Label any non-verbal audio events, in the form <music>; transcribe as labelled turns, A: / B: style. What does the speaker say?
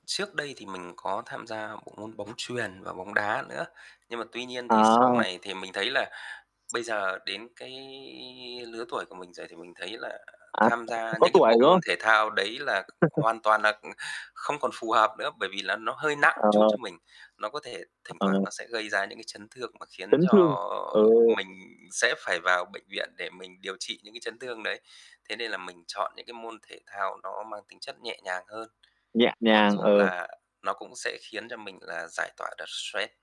A: Trước đây thì mình có tham gia bộ môn bóng chuyền và bóng đá nữa. Nhưng mà tuy nhiên thì sau
B: Ờ.
A: này thì mình thấy là bây giờ đến cái lứa tuổi của mình rồi thì mình thấy là
B: À,
A: tham gia
B: <unintelligible> có
A: những cái
B: tuổi,
A: bộ
B: đúng
A: môn
B: không?
A: thể thao đấy là c
B: <chuckles>
A: hoàn toàn là, ừ, không còn phù hợp nữa, bởi vì là nó hơi nặng
B: Ờ.
A: chút cho mình. Nó có thể thỉnh
B: Ờ.
A: thoảng nó sẽ gây ra những cái chấn thương mà khiến
B: Chấn
A: cho
B: thương, ừ.
A: mình sẽ phải vào bệnh viện để mình điều trị những cái chấn thương đấy. Thế nên là mình chọn những, cái, môn thể thao nó mang tính chất nhẹ nhàng hơn.
B: Nhẹ
A: Mặc
B: nhàng,
A: dù
B: ờ.
A: là nó cũng sẽ khiến cho mình là giải tỏa được stress.